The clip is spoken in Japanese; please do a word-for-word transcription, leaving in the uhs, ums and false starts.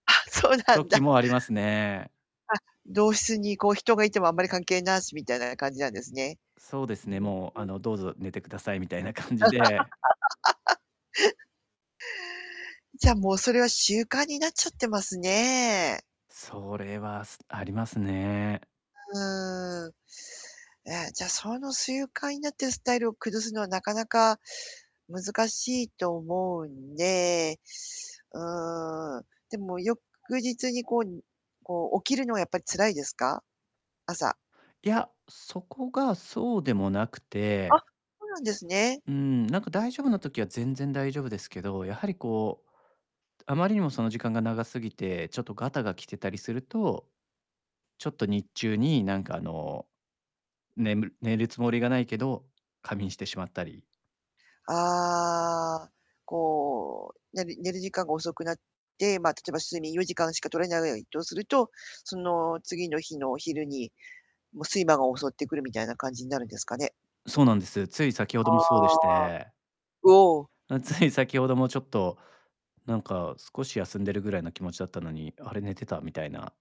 あ、そうなん時だ。もありますね。あ、同室にこう、人がいてもあんまり関係なし、みたいな感じなんですね。そうですうね、ん、もう、ふん、うあん。の、どうぞ寝てくださいみたいな感じで。じゃあ、もうそれは習慣になっちゃってますね。それは、すありますね。うーん。や、じゃあ、その習慣になってるスタイルを崩すのはなかなか難しいと思うんで。うーん。でも翌日にこう、こう、起きるのはやっぱり辛いですか？朝。いや、そこがそうでもなくあ、てそうなんですね。うーん、何か大丈夫な時は、全然大丈夫ですけど、やは [unintelligible] りこう、あまりにもその時間が長すぎて、ちょっとガタが来てたりすると、ちょっと日中に、なんかあの、ねむる寝るつもりがないけど、仮眠してしまったりああ、こう、寝る寝る時間が遅くなって、ま、例えば、睡眠よじかんしか取れないとすると、その次の日の昼に、もう睡魔が襲ってくるみたいな感じになるんですかね？そうなんです。つい先程あもそうでしあ。てうお。あ、つい先ほどもちょっと、なんか、少し休んでるぐらいの気持ちだったのに「あれ、寝てた」みたいな